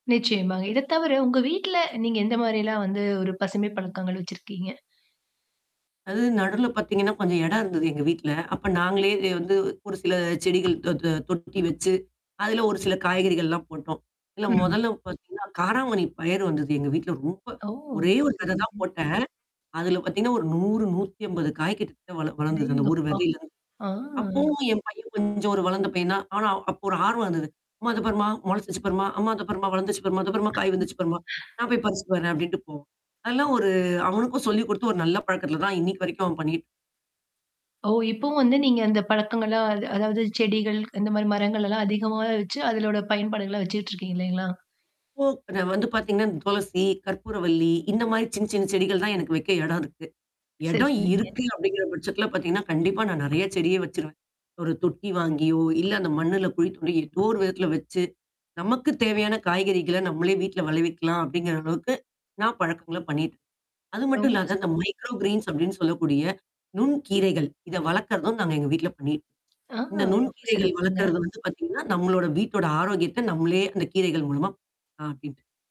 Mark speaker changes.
Speaker 1: நிச்சயமா. இத தவிர உங்க வீட்ல, நீங் க எந்த மாதிரிலாம் வந்து ஒரு பசுமை பழக்கங்கள் வச்சிருக்கீங்க?
Speaker 2: அது நடுவுல பார்த்தீங்கன்னா கொஞ்சம் இடம் இருந்தது, எங்க வீட்ல. அப்ப நாங்களே வந்து ஒரு சில செடிகள் தொ தொ தொட்டி வச்சு, அதில ஒரு சில காய்கறிகள்லாம் போட்டோம். இல்ல
Speaker 1: ம்.
Speaker 2: மொதல்ல பார்த்தீங்கன்னா காராமணி பயர் வந்தது, எங்க வீட்ல ரொம்ப.
Speaker 1: ஓ!
Speaker 2: ஒரே ஒரு தரவ தான்
Speaker 1: சரிங்க.
Speaker 2: போட்டேன். அதில பார்த்தீங்கன்னா ஒரு 100, 150 காய்கிட்ட வள வளர்ந்தது, அந்த ஒரு
Speaker 1: அடேங்கப்பா!
Speaker 2: விதையில.
Speaker 1: ஆ.
Speaker 2: அப்பவும் என் பையன் கொஞ்சம் ஒரு வளர்ந்த பையன் தான். ஆனா, அப்போ ஒரு ஆர்வம் வந்தது. "அம்மா அத பாரும்மா முளைச்சுடுச்சு, பாரும்மா, அம்மா அதை பார் வளர்ந்திருச்சு பாரும்மா, அத பாரும்மா காய் வந்துடுச்சி பாரு. நான் போய் பறிச்சுட்டு வர்றேன்" அப்படின்னு போவான். அதெல்லாம் ஒரு அவனுக்கும் சொல்லி கொடுத்து ஒரு நல்ல பழக்கத்தில தான் இன்னைக்கு வரைக்கும் அவன் பண்ணிட்டு
Speaker 1: ஓ! இப்பவும் வந்து நீங்க அந்த பழக்கங்கள்லாம், அது அதாவது செடிகள் இந்த மாதிரி மரங்கள்லாம் அதிகமாக வச்சு அதனோட பயன்பாடுகள்ல வச்சுட்டு இருக்கிங்க இல்லைங்களா?
Speaker 2: இப்போ, வந்து பார்த்தீங்கன்னா இந்த துளசி, கற்பூரவள்ளி இந்த மாதிரி சின்ன சின்ன செடிகள் தான் எனக்கு வைக்க இடம் இருக்கு,
Speaker 1: சரி,
Speaker 2: இடம்
Speaker 1: சரிங்க.
Speaker 2: இருக்கு அப்படிங்கிற பட்சத்தில பார்த்தீங்கன்னா, கண்டிப்பா நான் நெறைய செடியை வச்சுடுவேன். ஒரு தொட்டி வாங்கியோ இல்ல அந்த மண்ணில குழித்த ஏதோ ஒரு விதத்தில வச்சு நமக்குத் தேவையான காய்கறிகள்ல நம்மளே வீட்ல விளைவிக்கலாம், அப்படிங்கிற அளவுக்கு நான் பழக்கங்கள்ல பண்ணிட்டேன். அது மட்டும்
Speaker 1: ரொம்ப
Speaker 2: இல்லாம இந்த
Speaker 1: சிறப்பு.
Speaker 2: மைக்ரோ கிரீன்ஸ் அப்படின்னு சொல்லக்கூடிய நுண் கீரைகள் இதை வளர்க்கிறதும் நாங்க எங்க வீட்ல பண்ணிட்டு
Speaker 1: அ
Speaker 2: இந்த நுண்
Speaker 1: ரொம்ப,
Speaker 2: கீரைகள்
Speaker 1: சிறப்புங்க.
Speaker 2: வளர்க்குறது வந்து பார்த்தீங்கன்னா, நம்மளோட வீட்டோட ஆரோக்கியத்த நம்மளே அந்த கீரைகள் மூலமா [unintelligible]